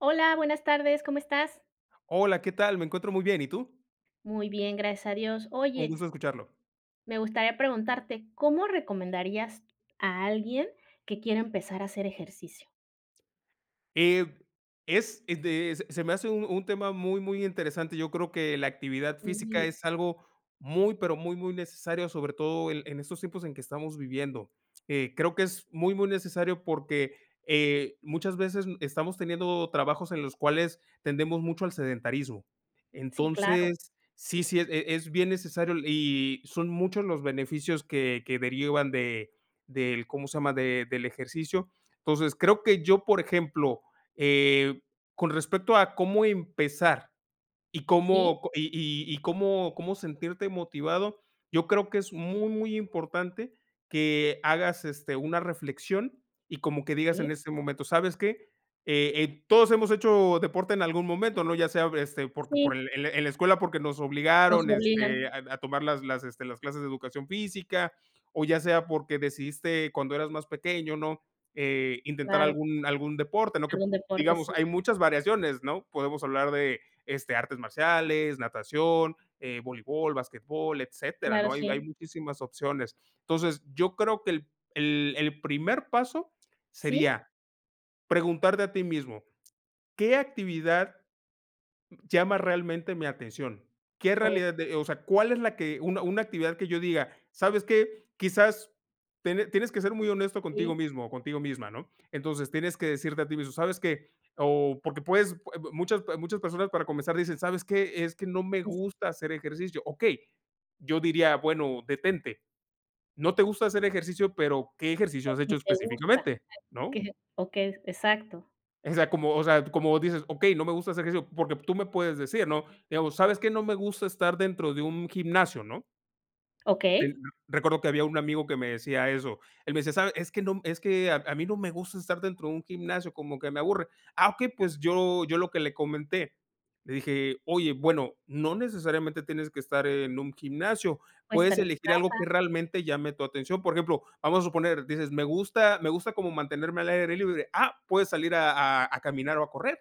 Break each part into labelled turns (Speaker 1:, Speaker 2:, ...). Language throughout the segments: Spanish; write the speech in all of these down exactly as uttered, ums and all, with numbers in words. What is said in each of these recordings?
Speaker 1: Hola, buenas tardes, ¿cómo estás?
Speaker 2: Hola, ¿qué tal?, me encuentro muy bien, ¿y tú?
Speaker 1: Muy bien, gracias a Dios.
Speaker 2: Un
Speaker 1: Oye
Speaker 2: gusto escucharlo.
Speaker 1: Me gustaría preguntarte, ¿cómo recomendarías a alguien que quiere empezar a hacer ejercicio?
Speaker 2: Eh, es, eh, de se se me hace un un tema muy muy interesante. Yo creo que la actividad física
Speaker 1: Sí.
Speaker 2: es algo muy pero muy, muy necesario, sobre todo en en estos tiempos en que estamos viviendo, eh, creo que es muy, muy necesario porque, eh, muchas veces n estamos teniendo trabajos en los cuales tendemos mucho al sedentarismo.
Speaker 1: Sí, claro.
Speaker 2: Entonces, sí, sí, e es bien necesario y son muchos los beneficios que que derivan de del, ¿cómo se llama?, de del ejercicio. Entonces, creo que yo, por ejemplo, eh, con respecto a cómo empezar y
Speaker 1: Sí.
Speaker 2: cómo, co y y cómo cómo sentirte motivado, yo creo que es muy, muy importante que hagas, este, una reflexión y como que digas
Speaker 1: Sí.
Speaker 2: en este momento: "¿Sabes qué?, eh eh, todos hemos hecho deporte en algún momento", ¿no?, ya sea, este, porque por
Speaker 1: Sí.
Speaker 2: el el en la escuela porque nos
Speaker 1: Nos
Speaker 2: obligaron, este,
Speaker 1: obligan.
Speaker 2: a a tomar las las, este, las clases de educación física, o ya sea porque decidiste cuando eras más pequeño, ¿no?, eh, intentar
Speaker 1: Claro.
Speaker 2: algún algún deporte, ¿no?, que
Speaker 1: Algún deporte,
Speaker 2: digamos,
Speaker 1: sí.
Speaker 2: hay muchas variaciones, ¿no?, podemos hablar de, este, artes marciales, natación, eh, voleibol, basquetbol, etcétera,
Speaker 1: Claro,
Speaker 2: ¿no?, hay hay
Speaker 1: sí.
Speaker 2: muchísimas opciones. Entonces, yo creo que el el el primer paso
Speaker 1: Sí.
Speaker 2: sería preguntarte a ti mismo: "¿Qué actividad llama realmente mi atención?". ¿Qué
Speaker 1: Oh.
Speaker 2: realidad de-?, o sea, ¿cuál es la que una una actividad?, que yo diga: "¿Sabes qué?", quizás tiene tienes que ser muy honesto contigo
Speaker 1: Sí.
Speaker 2: mismo o contigo misma, ¿no?, entonces, tienes que decirte a ti mismo: "¿Sabes qué?", o porque puedes, eh, muchas, eh, muchas personas para comenzar dicen: "¿Sabes qué?, es que no me
Speaker 1: Sí, sí.
Speaker 2: gusta hacer ejercicio". Okey, yo diría: "Bueno, detente". No te gusta hacer ejercicio, pero ¿qué
Speaker 1: Que
Speaker 2: ejercicio has
Speaker 1: si
Speaker 2: hecho
Speaker 1: te gusta
Speaker 2: específicamente?,
Speaker 1: que
Speaker 2: ¿no?
Speaker 1: que o que es exacto.
Speaker 2: O sea, como o sea, como dices: "Okey, no me gusta hacer ejercicio". Porque tú me puedes decir, ¿no?, digamos: "¿Sabes qué? No me gusta estar dentro de un gimnasio", ¿no?
Speaker 1: Okey.
Speaker 2: Recuerdo que había un amigo que me decía eso, él me decía: "¿Sabes? Es que no, es que a a mí no me gusta estar dentro de un gimnasio, como que me aburre". Ah, okey, pues yo yo lo que le comenté, le dije: "Oye, bueno, no necesariamente tienes que estar en un gimnasio,
Speaker 1: O
Speaker 2: puedes
Speaker 1: estar en tu
Speaker 2: elegir algo
Speaker 1: casa.
Speaker 2: que realmente llame tu atención". Por ejemplo, vamos a suponer, dices: "Me gusta me gusta como mantenerme al aire libre". Ah, puedes salir a a a caminar o a correr.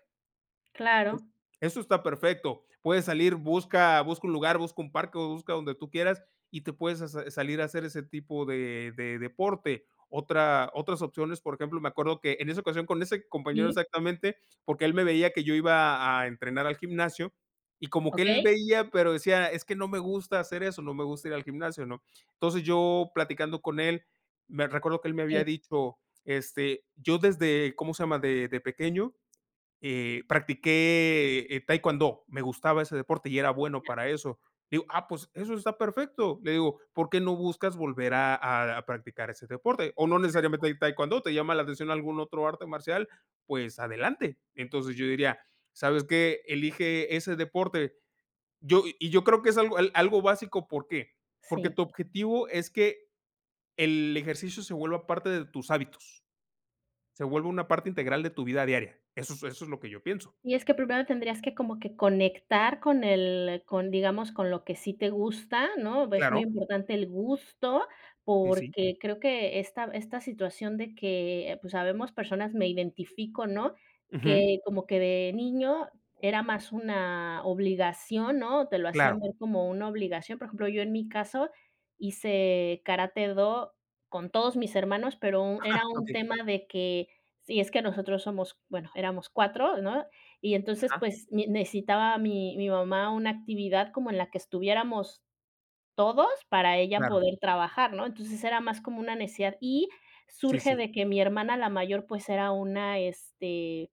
Speaker 1: Claro.
Speaker 2: Eso está perfecto. Puedes salir, busca busca un lugar, busca un parque o busca donde tú quieras, y te puedes sa sa salir a hacer ese tipo de de deporte. Otra otras opciones, por ejemplo, me acuerdo que, en esa ocasión, con ese compañero
Speaker 1: Sí.
Speaker 2: exactamente, porque él me veía que yo iba a entrenar al gimnasio y como que él
Speaker 1: Okey.
Speaker 2: veía, pero decía: "Es que no me gusta hacer eso, no me gusta ir al gimnasio", ¿no? Entonces, yo platicando con él, me recuerdo que él me había
Speaker 1: Sí.
Speaker 2: dicho, este, yo desde ¿cómo se llama? de de pequeño, eh, practiqué, eh, taekwondo, me gustaba ese deporte y era bueno para eso. Digo: "Ah, pues eso está perfecto". Le digo: "¿Por qué no buscas volver a a a practicar ese deporte? O, no
Speaker 1: Exacto.
Speaker 2: necesariamente hay taekwondo, ¿te llama la atención algún otro arte marcial?, pues adelante". Entonces yo diría: "¿Sabes qué? Elige ese deporte". Yo y yo creo que es algo al algo básico, ¿por qué? Porque
Speaker 1: Sí.
Speaker 2: tu objetivo es que el ejercicio se vuelva parte de tus hábitos. Se vuelva una parte integral de tu vida diaria. Eso es eso es lo que yo pienso.
Speaker 1: Y es que primero tendrías que como que conectar con el con, digamos, con lo que sí te gusta, ¿no? Es muy
Speaker 2: Claro.
Speaker 1: importante el gusto
Speaker 2: Sí, sí.
Speaker 1: porque creo que esta esta situación de que, pues, habemos personas me identifico, ¿no?
Speaker 2: Ujú.
Speaker 1: Que como que de niño era más una obligación, ¿no? Te lo
Speaker 2: Claro.
Speaker 1: hacían ver como una obligación, por ejemplo, yo en mi caso hice karate-do con todos mis hermanos, pero era un
Speaker 2: Okey.
Speaker 1: tema de que sí, es que nosotros somos, bueno, éramos cuatro ¿no? Y entonces,
Speaker 2: Ajá.
Speaker 1: pues, mi necesitaba mi mi mamá una actividad como en la que estuviéramos todos para ella
Speaker 2: Claro.
Speaker 1: poder trabajar, ¿no? Entonces, era más como una necesidad. Y
Speaker 2: Sí,
Speaker 1: surge
Speaker 2: sí.
Speaker 1: de que mi hermana, la mayor, pues, era una, este,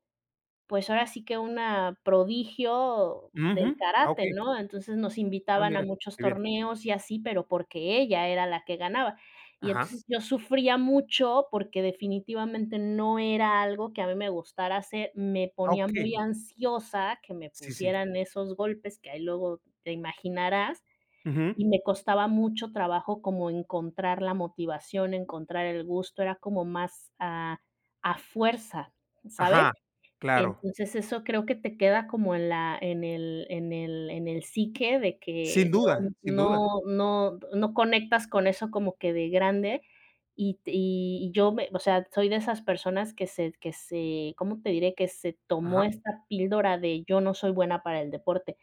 Speaker 1: pues, ahora sí que una prodigio del
Speaker 2: Ujú. Ah,
Speaker 1: karate,
Speaker 2: okey.
Speaker 1: ¿no? Entonces nos
Speaker 2: Ah,
Speaker 1: invitaban a
Speaker 2: mira,
Speaker 1: muchos
Speaker 2: qué bien.
Speaker 1: torneos y así, pero porque ella era la que ganaba. Y
Speaker 2: Ajá.
Speaker 1: entonces yo sufría mucho porque definitivamente no era algo que a mí me gustara hacer, me
Speaker 2: Ah,
Speaker 1: ponía muy
Speaker 2: okey.
Speaker 1: ansiosa que me
Speaker 2: Sí, sí.
Speaker 1: pusieran esos golpes que ahí luego te imaginarás,
Speaker 2: Ujú.
Speaker 1: y me costaba mucho trabajo como encontrar la motivación, encontrar el gusto, era como más, a a fuerza, ¿sabes?
Speaker 2: Ajá. Claro.
Speaker 1: Entonces eso creo que te queda como en la en el en el en el psique de
Speaker 2: Sin
Speaker 1: que
Speaker 2: duda,
Speaker 1: no
Speaker 2: sin duda.
Speaker 1: no no no conectas con eso como que de grande y te y y yo me o sea, soy de esas personas que se que se, ¿cómo te diré?, que se tomó
Speaker 2: Ajá.
Speaker 1: esta píldora de: "Yo no soy buena para el deporte".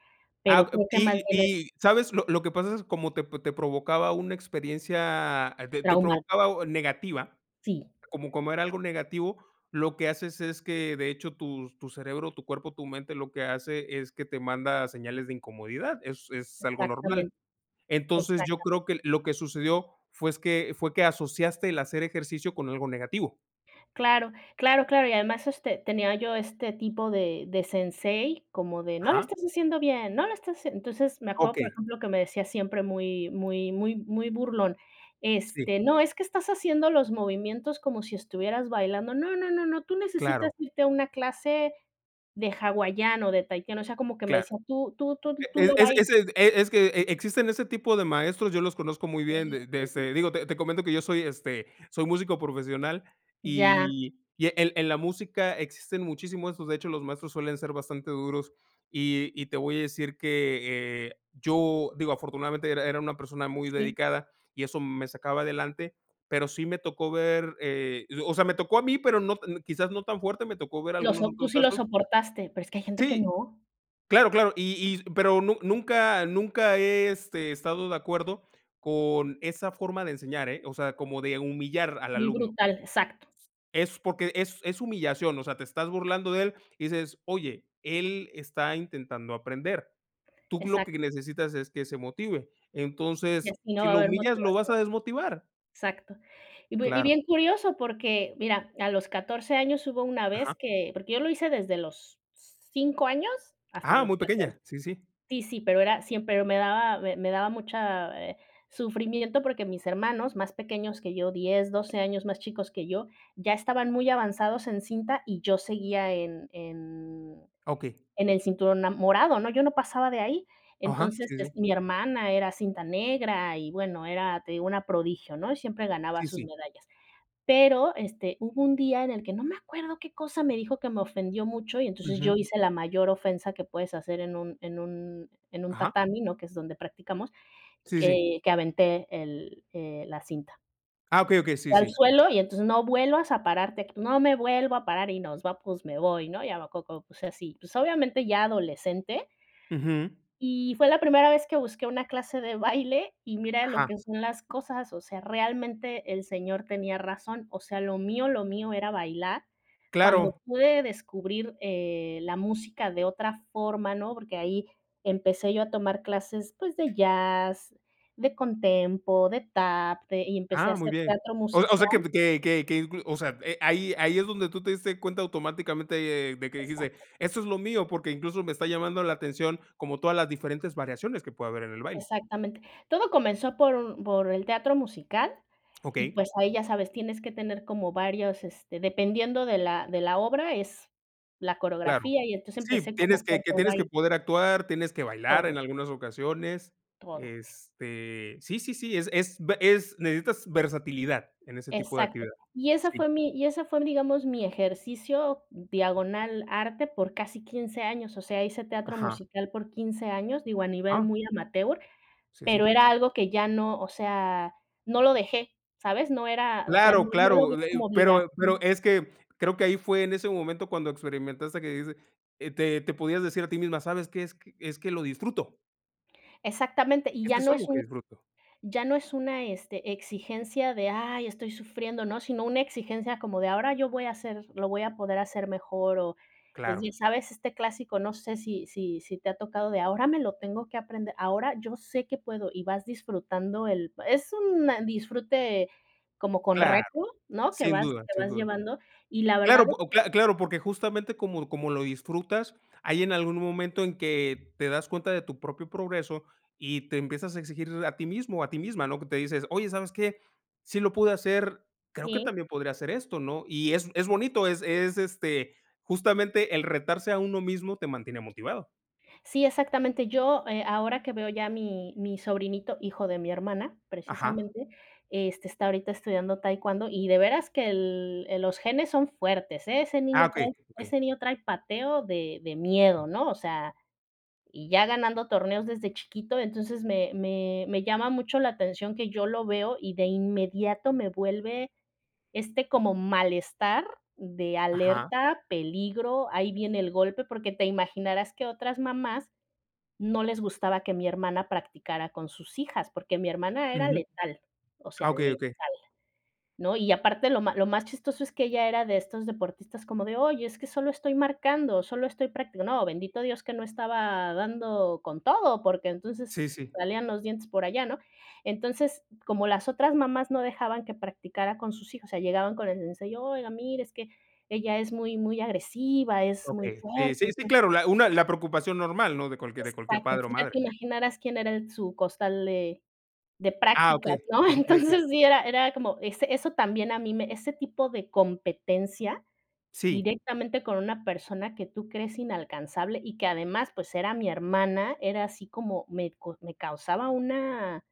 Speaker 2: Ah
Speaker 1: Pero
Speaker 2: ah,
Speaker 1: creo que
Speaker 2: y
Speaker 1: más bien es
Speaker 2: y, ¿sabes? Lo lo que pasa es como te te provocaba una experiencia de te
Speaker 1: Trauma.
Speaker 2: provocaba un negativa,
Speaker 1: Sí.
Speaker 2: como como era algo negativo, lo que haces es que, de hecho, tus tu cerebro, tu cuerpo, tu mente, lo que hace es que te manda señales de incomodidad. Es es algo normal.
Speaker 1: Exactamente.
Speaker 2: Entonces, yo
Speaker 1: Exactamente.
Speaker 2: creo que lo que sucedió fue es que, fue que asociaste el hacer ejercicio con algo negativo.
Speaker 1: Claro, claro, claro, y además este tenía yo este tipo de de sensei como de: "¡No lo
Speaker 2: Ajá.
Speaker 1: estás haciendo bien, no lo estás haciendo!". Entonces, me acuerdo, por
Speaker 2: Okey.
Speaker 1: ejemplo, que me decía siempre muy muy muy muy burlón: "Este,
Speaker 2: Sí.
Speaker 1: no, es que estás haciendo los movimientos como si estuvieras bailando. No, no, no, no, tú
Speaker 2: Claro.
Speaker 1: necesitas irte a una clase de hawaiano, de tahitiano", o sea, como que me
Speaker 2: Claro,
Speaker 1: decía tú tú tú tú
Speaker 2: e
Speaker 1: lo
Speaker 2: es
Speaker 1: bailas.
Speaker 2: es ese e es que e e existen ese tipo de maestros, yo los conozco muy bien,
Speaker 1: Híjole.
Speaker 2: de de, este digo, te te comento que yo soy, este soy músico profesional,
Speaker 1: Ya.
Speaker 2: y y en en la música existen muchísimos estos, de hecho, los maestros suelen ser bastante duros, y y te voy a decir que, eh, yo digo, afortunadamente era era una persona muy
Speaker 1: Sí.
Speaker 2: dedicada y eso me sacaba adelante, pero sí me tocó ver, eh, yo o sea, me tocó a mí, pero no no quizás no tan fuerte me tocó ver
Speaker 1: Lo
Speaker 2: algunos
Speaker 1: sop tú
Speaker 2: otros
Speaker 1: sí lo
Speaker 2: casos.
Speaker 1: soportaste, pero es que hay gente que
Speaker 2: Sí,
Speaker 1: no.
Speaker 2: claro claro, y y pero nu nunca nunca, he, este, estado de acuerdo con esa forma de enseñar, ¿eh?, o sea, como de humillar al
Speaker 1: Muy
Speaker 2: alumno.
Speaker 1: brutal, exacto.
Speaker 2: Es porque, es es humillación, o sea, te estás burlando de él y dices: "Oye, él está intentando aprender, tú lo
Speaker 1: Exacto.
Speaker 2: que necesitas es que se motive.
Speaker 1: Y
Speaker 2: Entonces,
Speaker 1: así no
Speaker 2: si
Speaker 1: va a
Speaker 2: lo
Speaker 1: haber
Speaker 2: humillas, lo vas
Speaker 1: motivación.
Speaker 2: a desmotivar".
Speaker 1: Exacto. Y bie y
Speaker 2: Claro.
Speaker 1: bien curioso porque mira, a los catorce años hubo una
Speaker 2: Ajá.
Speaker 1: vez que porque yo lo hice desde los cinco años hasta
Speaker 2: ¡Ah
Speaker 1: los
Speaker 2: muy
Speaker 1: catorce
Speaker 2: pequeña! Sí, sí.
Speaker 1: sí, sí, pero era siempre, me daba m me daba mucha, eh, sufrimiento porque mis hermanos más pequeños que yo, diez, doce años más chicos que yo, ya estaban muy avanzados en cinta y yo seguía en en
Speaker 2: Okey.
Speaker 1: en el cinturón ama morado, ¿no?, yo no pasaba de ahí
Speaker 2: Ajá,
Speaker 1: entonces,
Speaker 2: sí,
Speaker 1: es
Speaker 2: sí.
Speaker 1: mi hermana era cinta negra y bueno era te digo una prodigio, ¿no?, y siempre ganaba
Speaker 2: Sí,
Speaker 1: sus
Speaker 2: sí.
Speaker 1: medallas. Pero este hubo un día en el que no me acuerdo qué cosa me dijo que me ofendió mucho y entonces yo
Speaker 2: Ujú.
Speaker 1: hice la mayor ofensa que puedes hacer en un en un en un
Speaker 2: Ajá.
Speaker 1: tatami, ¿no?, que es donde practicamos,
Speaker 2: Sí, sí.
Speaker 1: que que aventé el, eh, la cinta.
Speaker 2: Ah, okey, okey, sí,
Speaker 1: Fue al
Speaker 2: sí.
Speaker 1: suelo y entonces, "No vuelvas a pararte". "No me vuelvo a parar y nos va pues me voy", ¿no? Y a lo coco, pues así, pues obviamente ya adolescente
Speaker 2: Ujú.
Speaker 1: y fue la primera vez que busqué una clase de baile baile y mira lo
Speaker 2: Ajá.
Speaker 1: que son las cosas, o sea, realmente el señor tenía razón, o sea, lo mío, lo mío era bailar, cuando
Speaker 2: Claro.
Speaker 1: pude descubrir, eh, la música de otra forma, ¿no? Porque ahí empecé yo a tomar clases, pues, de jazz, de contempo, de tap, de y empecé a
Speaker 2: Ah, muy
Speaker 1: hacer
Speaker 2: bien.
Speaker 1: teatro
Speaker 2: O s o sea, que
Speaker 1: musical.
Speaker 2: pe que que que inclu o sea, eh, ahí ahí es donde tú te diste cuenta automáticamente, eh, de que dijiste:
Speaker 1: Exacto.
Speaker 2: "Esto es lo mío, porque incluso me está llamando la atención como todas las diferentes variaciones que puede haber en el baile".
Speaker 1: Exactamente. Todo comenzó por u por el teatro musical y
Speaker 2: Okey.
Speaker 1: pues ahí ya sabes, tienes que tener como varios este dependiendo de la de la obra es la
Speaker 2: Claro,
Speaker 1: coreografía y entonces
Speaker 2: sí,
Speaker 1: empecé
Speaker 2: tienes
Speaker 1: como fue
Speaker 2: que que
Speaker 1: por
Speaker 2: tienes que
Speaker 1: baile.
Speaker 2: poder actuar, tienes que bailar
Speaker 1: Todo.
Speaker 2: en algunas ocasiones,
Speaker 1: Todo.
Speaker 2: este, sí, sí, sí, es es be es necesitas versatilidad en ese tipo de
Speaker 1: Exacto.
Speaker 2: actividad
Speaker 1: Y esa
Speaker 2: Sí.
Speaker 1: fue mi y esa fue, digamos, mi ejercicio diagonal arte por casi quince años. O sea, hice teatro
Speaker 2: Ajá.
Speaker 1: musical por quince años, digo, a nivel
Speaker 2: Ah.
Speaker 1: muy amateur,
Speaker 2: Sí, sí.
Speaker 1: pero era algo que ya no o sea, no lo dejé, ¿sabes? No era o sea, no
Speaker 2: Claro,
Speaker 1: no lo vi
Speaker 2: claro, eh eh
Speaker 1: como
Speaker 2: pero pero
Speaker 1: obligación.
Speaker 2: es que creo que ahí fue en ese momento cuando experimentaste que dijiste, eh, te te podías decir a ti misma: "¿Sabes qué? Es que es que lo disfruto".
Speaker 1: Exactamente, y ya
Speaker 2: Esto es
Speaker 1: no es
Speaker 2: algo que
Speaker 1: un
Speaker 2: disfruto.
Speaker 1: ya no es una, este, exigencia de: "Ay estoy sufriendo", ¿no?, sino una exigencia como de: "Ahora yo voy a hacer lo voy a poder hacer mejor", o, pues,
Speaker 2: Claro.
Speaker 1: bien sabes este clásico no sé si si si te ha tocado de: "Ahora me lo tengo que aprender, ahora yo sé que puedo". Y vas disfrutando el es un disfrute como con
Speaker 2: Claro,
Speaker 1: reto, ¿no? Que
Speaker 2: sin
Speaker 1: vas
Speaker 2: duda,
Speaker 1: que
Speaker 2: sin
Speaker 1: vas
Speaker 2: duda.
Speaker 1: llevando, y la
Speaker 2: Claro,
Speaker 1: verdad es
Speaker 2: o p
Speaker 1: que
Speaker 2: cla claro, porque justamente como como lo disfrutas, hay en algún momento en que te das cuenta de tu propio progreso, y te empiezas a exigir a ti mismo, o a ti misma, ¿no?, que te dices: "Oye, ¿sabes qué?, sí lo pude hacer, creo que
Speaker 1: Sí.
Speaker 2: también podría hacer esto", ¿no? Y es es bonito, es es, este, justamente el retarse a uno mismo te mantiene motivado.
Speaker 1: Sí, exactamente, yo, eh, ahora que veo ya a mi mi sobrinito, hijo de mi hermana,
Speaker 2: Ajá.
Speaker 1: precisamente, este, está ahorita estudiando taekwondo, y de veras que el el los genes son fuertes. Ese
Speaker 2: Ah,
Speaker 1: niño
Speaker 2: okey,
Speaker 1: trae ese
Speaker 2: okey.
Speaker 1: niño trae pateo de de miedo, ¿no? O sea y ya ganando torneos desde chiquito. Entonces me me me llama mucho la atención que yo lo veo, y de inmediato me vuelve este como malestar de
Speaker 2: Ajá.
Speaker 1: alerta, peligro, ahí viene el golpe. Porque te imaginarás que otras mamás no les gustaba que mi hermana practicara con sus hijas, porque mi hermana era
Speaker 2: Ujú.
Speaker 1: letal, o
Speaker 2: Ah,
Speaker 1: sea
Speaker 2: okey,
Speaker 1: letal,
Speaker 2: okey.
Speaker 1: ¿no? Y aparte lo ma lo más chistoso es que ella era de estos deportistas como de: "Oye, es que solo estoy marcando, solo estoy practi", no, bendito Dios que no estaba dando con todo, porque
Speaker 2: Sí,
Speaker 1: entonces
Speaker 2: sí.
Speaker 1: salían los dientes por allá, ¿no? Entonces como las otras mamás no dejaban que practicara con sus hijos, o sea llegaban con el sensei, y: "Oiga mire es que ella es muy muy agresiva, es muy
Speaker 2: Okey, sí,
Speaker 1: fuerte".
Speaker 2: sí, sí,
Speaker 1: Entonces
Speaker 2: claro, la una la preocupación normal, ¿no?, de cualquier de
Speaker 1: Exacto,
Speaker 2: cualquier padre o
Speaker 1: entonces ya te
Speaker 2: madre.
Speaker 1: imaginaras quién era el su costal de de
Speaker 2: Ah,
Speaker 1: prácticas,
Speaker 2: okey.
Speaker 1: ¿no?
Speaker 2: Okey, okey.
Speaker 1: Entonces, sí, era era como ese eso también a mí me ese tipo de competencia
Speaker 2: Sí.
Speaker 1: directamente con una persona que tú crees inalcanzable, y que además, pues, era mi hermana, era así como me co me causaba una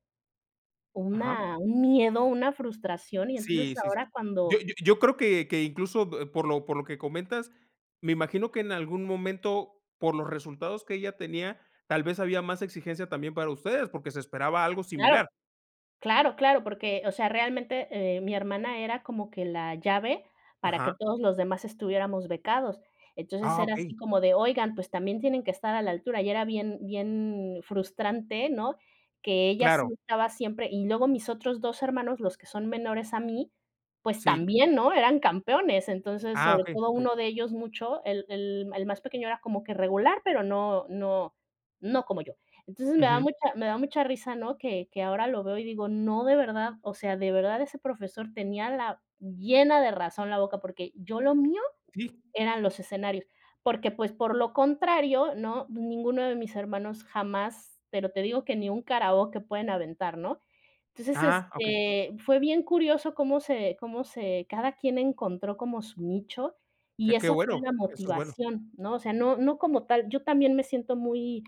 Speaker 2: Ajá.
Speaker 1: una un miedo, una frustración. Y entonces
Speaker 2: Sí, sí, sí.
Speaker 1: ahora cuando
Speaker 2: Yo yo yo creo que que incluso, eh, por lo por lo que comentas, me imagino que en algún momento, por los resultados que ella tenía, tal vez había más exigencia también para ustedes, porque se esperaba algo
Speaker 1: Claro.
Speaker 2: similar.
Speaker 1: Claro, claro, porque, o sea, realmente, eh, mi hermana era como que la llave para que
Speaker 2: Ajá.
Speaker 1: todos los demás estuviéramos becados. Entonces
Speaker 2: Ah,
Speaker 1: era
Speaker 2: okey.
Speaker 1: así como de: "Oigan, pues, también tienen que estar a la altura". Y era bien bien frustrante, ¿no?, que ella sí
Speaker 2: Claro.
Speaker 1: estaba siempre y luego mis otros dos hermanos, los que son menores a mí, pues,
Speaker 2: Sí.
Speaker 1: también, ¿no?, eran campeones. Entonces,
Speaker 2: Ah,
Speaker 1: sobre
Speaker 2: okey,
Speaker 1: todo
Speaker 2: okey.
Speaker 1: uno de ellos mucho, el el el más pequeño era como que regular, pero no no no como yo, entonces, me da
Speaker 2: Ujú.
Speaker 1: mucha me da mucha risa, ¿no? Que que ahora lo veo, y digo: "No, de verdad, o sea, de verdad ese profesor tenía la llena de razón la boca", porque yo lo mío
Speaker 2: Sí.
Speaker 1: eran los escenarios, porque, pues, por lo contrario, ¿no?, ninguno de mis hermanos jamás, pero te digo que ni un karaoke pueden aventar, ¿no? Entonces,
Speaker 2: Ah, okey.
Speaker 1: este, fue bien curioso cómo se cómo se cada quien encontró como su nicho,
Speaker 2: Que
Speaker 1: y
Speaker 2: qué
Speaker 1: esa fue
Speaker 2: bueno,
Speaker 1: la
Speaker 2: eso es bueno.
Speaker 1: motivación, ¿no? O sea, no no como tal yo también me siento muy,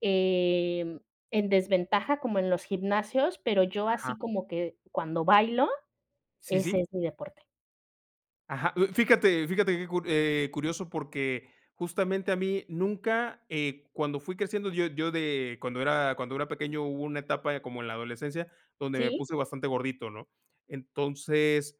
Speaker 1: em, en desventaja como en los gimnasios, pero yo
Speaker 2: Ajá.
Speaker 1: así como que cuando bailo,
Speaker 2: Sí,
Speaker 1: ese
Speaker 2: sí.
Speaker 1: es mi deporte.
Speaker 2: Ajá, mm, fíjate, fíjate que cu eh, curioso, porque justamente a mí nunca, eh, cuando fui creciendo yo yo de cuando era cuando era pequeño hubo una etapa como en la adolescencia donde me
Speaker 1: ¿Sí?
Speaker 2: puse bastante gordito, ¿no? Entonces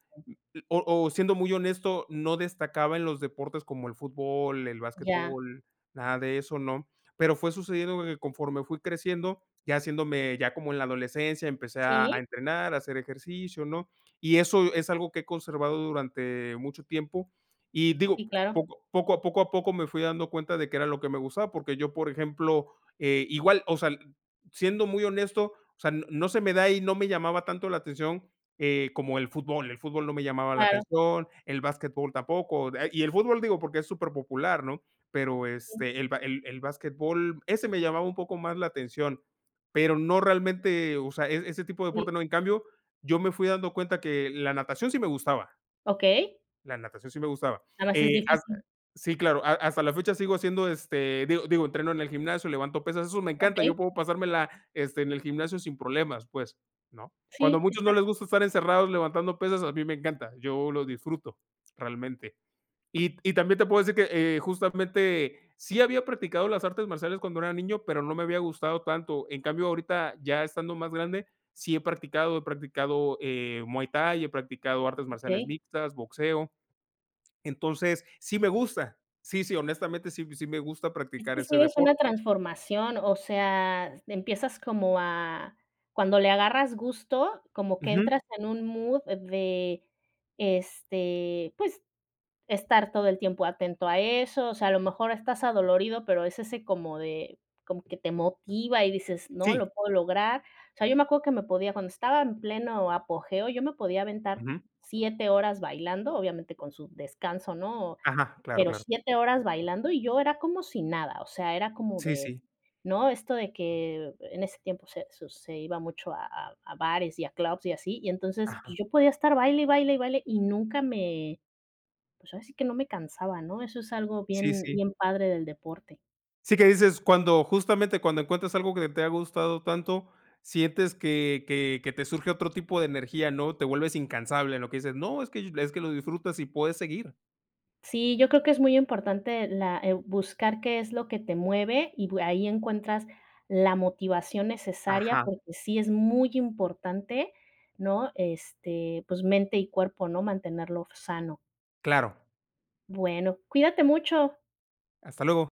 Speaker 2: o o siendo muy honesto, no destacaba en los deportes como el fútbol, el
Speaker 1: Ya.
Speaker 2: basquetbol, nada de eso, ¿no? Pero fue sucediendo que conforme fui creciendo, ya haciéndome ya como en la adolescencia, empecé a a
Speaker 1: ¿Sí?
Speaker 2: entrenar, a hacer ejercicio, ¿no? Y eso es algo que he conservado durante mucho tiempo. Y digo,
Speaker 1: Sí, claro.
Speaker 2: poco poco a poco a poco me fui dando cuenta de qué era lo que me gustaba, porque yo, por ejemplo, eh igual, o sea, siendo muy honesto, o sea, no se me da, y no me llamaba tanto la atención, eh, como el fútbol. El fútbol no me llamaba la
Speaker 1: Claro.
Speaker 2: atención, el basquetbol tampoco, y el fútbol digo porque es superpopular, ¿no? Pero,
Speaker 1: Sí.
Speaker 2: este, el ba el el basquetbol, ese me llamaba un poco más la atención. Pero no realmente, o sea, es-ese tipo de deporte
Speaker 1: Sí.
Speaker 2: no. En cambio, yo me fui dando cuenta que la natación sí me gustaba.
Speaker 1: Okey.
Speaker 2: La natación sí me gustaba.
Speaker 1: Nada más es
Speaker 2: Eh, ah
Speaker 1: difícil.
Speaker 2: sí, claro, has hasta la fecha sigo haciendo, este, digo, digo, entreno en el gimnasio, levanto pesas, eso me encanta, yo
Speaker 1: Okey.
Speaker 2: puedo pasármela, este, en el gimnasio sin problemas, pues, ¿no? Cuando a
Speaker 1: Sí,
Speaker 2: muchos no les
Speaker 1: exacto.
Speaker 2: gusta estar encerrados levantando pesas, a mí me encanta, yo lo disfruto, realmente. Y y también te puedo decir que, eh, justamente sí había practicado las artes marciales cuando era niño, pero no me había gustado tanto. En cambio, ahorita, ya estando más grande, sí he practicado, he practicado, eh, muay thai, he practicado artes marciales
Speaker 1: Okey.
Speaker 2: mixtas, boxeo. Entonces, sí me gusta. Sí, sí, honestamente, sí, sí me gusta
Speaker 1: Es
Speaker 2: practicar
Speaker 1: que
Speaker 2: ese
Speaker 1: sí es una
Speaker 2: deporte.
Speaker 1: transformación. O sea, empiezas como a cuando le agarras gusto, como que
Speaker 2: Ujú.
Speaker 1: entras en un mood de, este, pues, estar todo el tiempo atento a eso, o sea, a lo mejor estás adolorido, pero es ese como de como que te motiva, y dices: "No,
Speaker 2: Sí.
Speaker 1: lo puedo lograr". O sea, yo me acuerdo que me podía cuando estaba en pleno apogeo yo me podía aventar
Speaker 2: Ujú.
Speaker 1: siete horas bailando, obviamente con su descanso, ¿no?
Speaker 2: Ajá, claro,
Speaker 1: Pero
Speaker 2: claro.
Speaker 1: siete horas bailando, y yo era como si nada, o sea, era como
Speaker 2: Sí,
Speaker 1: de,
Speaker 2: sí.
Speaker 1: ¿no? Esto de que en ese tiempo se su se iba mucho a a a bares y a clubs y así. Y entonces, pues,
Speaker 2: Ajá.
Speaker 1: yo podía estar baile, y baile, y baile, y nunca me, pues, ahora sí que no me cansaba, ¿no? Eso es algo
Speaker 2: Sí,
Speaker 1: bien
Speaker 2: sí.
Speaker 1: bien padre del deporte.
Speaker 2: Sí que dices cuando, justamente, cuando encuentras algo que te ha gustado tanto, sientes que que que te surge otro tipo de energía, ¿no? Te vuelves incansable, lo que dices, no, es que es que lo disfrutas y puedes seguir.
Speaker 1: Sí, yo creo que es muy importante la eh, buscar qué es lo que te mueve, y p ahí encuentras la motivación necesaria,
Speaker 2: Ajá.
Speaker 1: porque sí es muy importante, ¿no? Este, pues, mente y cuerpo, ¿no? Mantenerlo sano.
Speaker 2: Claro.
Speaker 1: Bueno, cuídate mucho.
Speaker 2: Hasta luego.